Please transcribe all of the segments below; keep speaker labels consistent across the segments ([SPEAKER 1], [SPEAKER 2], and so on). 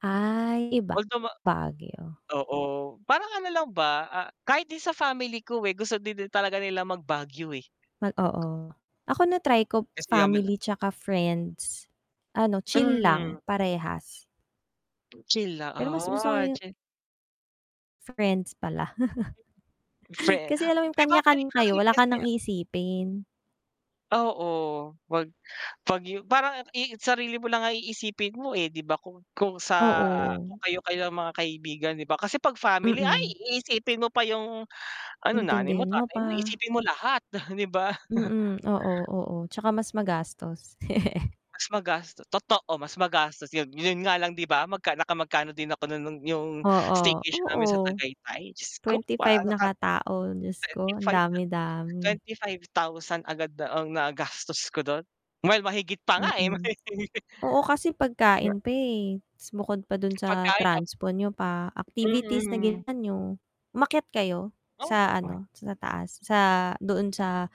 [SPEAKER 1] Ay, iba
[SPEAKER 2] Although ma
[SPEAKER 1] Baguio.
[SPEAKER 2] oo parang ano lang ba, ah, kahit din sa family ko eh, gusto din talaga nila mag-Baguio eh.
[SPEAKER 1] Mag oo, ako na-try ko
[SPEAKER 2] Kasi, ah [unintelligible]
[SPEAKER 1] family tsaka friends, ano, chill
[SPEAKER 2] Mhm.
[SPEAKER 1] lang parehas.
[SPEAKER 2] Chill la
[SPEAKER 1] Pero mas gusto ko
[SPEAKER 2] ah,
[SPEAKER 1] yun
[SPEAKER 2] chil
[SPEAKER 1] Friends pala.
[SPEAKER 2] Fre
[SPEAKER 1] Kasi alam mo yung
[SPEAKER 2] may
[SPEAKER 1] kanya
[SPEAKER 2] babalik
[SPEAKER 1] kanya
[SPEAKER 2] pa
[SPEAKER 1] kayo
[SPEAKER 2] rin
[SPEAKER 1] wala ka
[SPEAKER 2] kasi
[SPEAKER 1] nang
[SPEAKER 2] ah
[SPEAKER 1] isipin.
[SPEAKER 2] Oo, wag 'pag yu parang i sarili mo lang ang iisipin mo eh, di ba kung kung sa kung
[SPEAKER 1] Oo.
[SPEAKER 2] kayo kayo mga kaibigan di ba? Kasi 'pag family ay
[SPEAKER 1] Mm.
[SPEAKER 2] iisipin mo pa yung ano, nanay mo
[SPEAKER 1] Intindihin mo
[SPEAKER 2] tatay mo
[SPEAKER 1] pa.
[SPEAKER 2] isipin mo lahat, di ba.
[SPEAKER 1] Mm, oo, oo, tsaka mas magastos.
[SPEAKER 2] Mas magasto totoo, mas magastos yun, yun nga lang di ba magka nakamagkano din ako no nung yung
[SPEAKER 1] Oo,
[SPEAKER 2] staycation namin sa
[SPEAKER 1] oo,
[SPEAKER 2] Tagaytay, Diyos ko
[SPEAKER 1] 25
[SPEAKER 2] parang
[SPEAKER 1] na
[SPEAKER 2] nakata
[SPEAKER 1] katao, Diyos ko ang
[SPEAKER 2] 25 na
[SPEAKER 1] dami-dami.
[SPEAKER 2] 25,000 agad na ang nagastos ko dun, well, mahigit pa nga eh.
[SPEAKER 1] Mm. Oo, kasi pagkain pa eh, tas bukod pa dun sa
[SPEAKER 2] Pagkain tap
[SPEAKER 1] transpo niyo pa, activities na
[SPEAKER 2] Mm.
[SPEAKER 1] ginawa niyo, umakyat kayo sa
[SPEAKER 2] Oo.
[SPEAKER 1] ano, sa taas sa doon sa,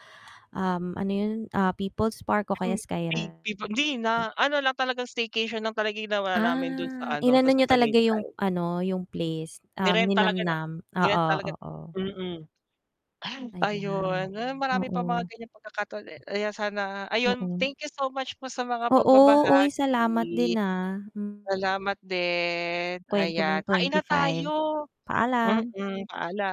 [SPEAKER 1] um, ano 'yon ah People's Park o kaya
[SPEAKER 2] Mm,
[SPEAKER 1] Sky Ranch?
[SPEAKER 2] [unintelligible] hindi na ano lang talagang staycation lang talaga ginawa namin dun sa
[SPEAKER 1] Ah,
[SPEAKER 2] ano,
[SPEAKER 1] inano
[SPEAKER 2] sa
[SPEAKER 1] niyo talaga yung
[SPEAKER 2] Tagaytay.
[SPEAKER 1] ano, yung place, um,
[SPEAKER 2] Ni-rent talaga na
[SPEAKER 1] ninamam,
[SPEAKER 2] ni-rent
[SPEAKER 1] oo,
[SPEAKER 2] talaga
[SPEAKER 1] oo.
[SPEAKER 2] mm. Ay
[SPEAKER 1] Ayan
[SPEAKER 2] ayun, marami pang mga
[SPEAKER 1] oo.
[SPEAKER 2] ganyang pagkakataon eh, ayan sana ayun
[SPEAKER 1] Oo.
[SPEAKER 2] thank you so much po sa mga
[SPEAKER 1] Oo, uy salamat
[SPEAKER 2] pagbabahagi.
[SPEAKER 1] din ah. M
[SPEAKER 2] Salamat din.
[SPEAKER 1] Kwento
[SPEAKER 2] Ayan
[SPEAKER 1] mong
[SPEAKER 2] kain na
[SPEAKER 1] 25,
[SPEAKER 2] tayo,
[SPEAKER 1] paalam.
[SPEAKER 2] mm. Paala